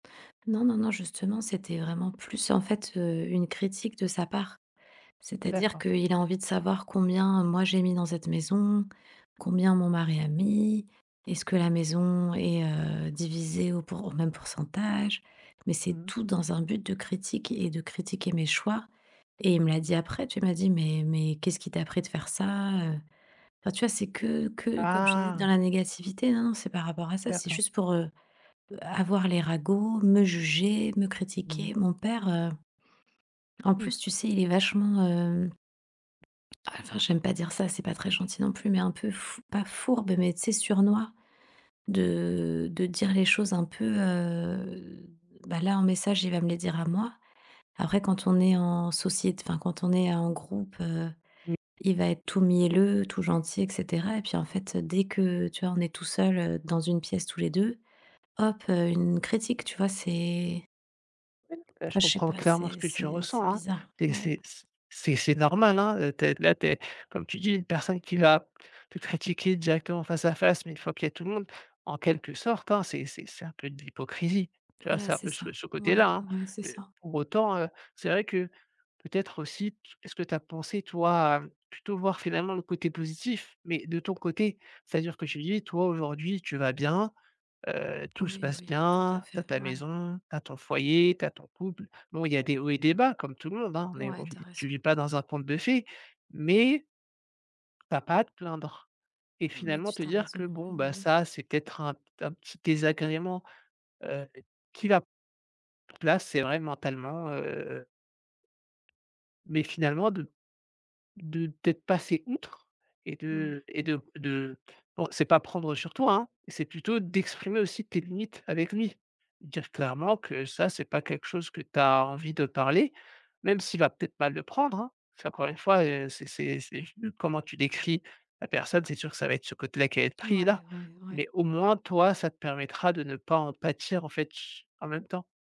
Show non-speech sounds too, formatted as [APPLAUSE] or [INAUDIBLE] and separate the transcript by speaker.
Speaker 1: Non, non, non, justement, c'était vraiment plus en fait, heu, une critique de sa part. C'est-à-dire
Speaker 2: D'accord.
Speaker 1: qu'il a envie de savoir combien moi j'ai mis dans cette maison? Combien mon mari a mis? Est-ce que la maison est, heu, divisée au pour au même pourcentage? Mais
Speaker 2: Mmh
Speaker 1: c'est
Speaker 2: mh.
Speaker 1: tout dans un but de critique et de critiquer mes choix et il me l'a dit après, tu vois, il m'a dit: «Mais mais qu'est-ce qui t'as pris de faire ça?» heu, enfin, tu vois, c'est que que comme je te disais: «Dans
Speaker 2: Ah!
Speaker 1: la négativité» non, non, c'est par rapport à ça. C'est
Speaker 2: D'accord.
Speaker 1: juste pour, heu, avoir les ragots, me juger, me
Speaker 2: Mmh.
Speaker 1: critiquer. Mon père, heu, en plus,
Speaker 2: [UNINTELLIGIBLE]
Speaker 1: tu sais, il est vachement hem, enfin j'aime pas dire ça, c'est pas très gentil non plus, mais un peu «fou pas fourbe» mais tu sais «sournois» de, heu, de dire les choses un peu, heu, bah là, en message, il va me les dire à moi. Après, quand on est en sociét enfin quand on est en groupe, heu,
Speaker 2: [UNINTELLIGIBLE]
Speaker 1: il va être tout mielleux, tout gentil et cetera et puis en fait, dès que, tu vois, on est tout seul, heu, dans une pièce tous les 2, hop, heu, une critique, tu vois? C'est
Speaker 2: Heu, je
Speaker 1: enfin, je sais
Speaker 2: comprends
Speaker 1: pas,
Speaker 2: clairement ce
Speaker 1: c'est
Speaker 2: que tu
Speaker 1: c'est
Speaker 2: ressens,
Speaker 1: c'est
Speaker 2: hein.
Speaker 1: bizarre,
Speaker 2: Des
Speaker 1: ouais.
Speaker 2: c'est c c'est c'est normal, hein, heu, tu es là tu es comme tu dis: «Une personne qui va te critiquer directement face à face, mais 1 fois qu'il y a tout le monde» en quelque sorte, hein, c'est c'est c'est un peu de l'hypocrisie, tu vois?
Speaker 1: Voilà,
Speaker 2: C'est un
Speaker 1: c'est
Speaker 2: peu ce
Speaker 1: ça.
Speaker 2: ce côté-là,
Speaker 1: Ouais,
Speaker 2: hein.
Speaker 1: ouais, c'est
Speaker 2: Heu,
Speaker 1: ça.
Speaker 2: pour autant, heu, c'est vrai que peut-être aussi, t est-ce que tu as pensé, toi, à, hem, plutôt voir finalement le côté positif, mais de ton côté? C'est-à-dire que tu dis: «Toi aujourd'hui, tu vas bien, heu, tout se
Speaker 1: Oui,
Speaker 2: passe
Speaker 1: oui, tout à
Speaker 2: bien, tu as
Speaker 1: fait,
Speaker 2: ta
Speaker 1: ouais.
Speaker 2: maison, tu as ton foyer, tu as ton couple». Bon, il y a des hauts et des bas comme tout le monde, hein. Mais
Speaker 1: Ouais,
Speaker 2: on vit
Speaker 1: tu as
Speaker 2: tu
Speaker 1: raison.
Speaker 2: vis pas dans un conte de fées, mais tu as pas te plaindre et
Speaker 1: Non, mais
Speaker 2: finalement
Speaker 1: tu
Speaker 2: te
Speaker 1: tu as
Speaker 2: dire: «Que
Speaker 1: raison.
Speaker 2: bon,
Speaker 1: Bah,
Speaker 2: bah,
Speaker 1: oui.
Speaker 2: ça, c'est peut-être un p un petit désagrément, heu, qui va là, c'est vrai mentalement, heu» Mais finalement, de de peut-être passer outre et
Speaker 1: Mmh.
Speaker 2: de et de de bon c'est pas prendre sur toi, hein, c'est plutôt d'exprimer aussi tes limites avec lui. Dire clairement que ça, c'est pas quelque chose que tu as envie de parler, même s'il va peut-être mal le prendre, hein. C'est encore 1 fois heu, c'est c'est c'est juste comment tu décris la personne, c'est sûr que ça va être ce côté-là qui va être pris
Speaker 1: Mouais,
Speaker 2: là,
Speaker 1: ouais, ouais.
Speaker 2: mais au moins, toi, ça te permettra de ne pas en pâtir en fait ch en même temps.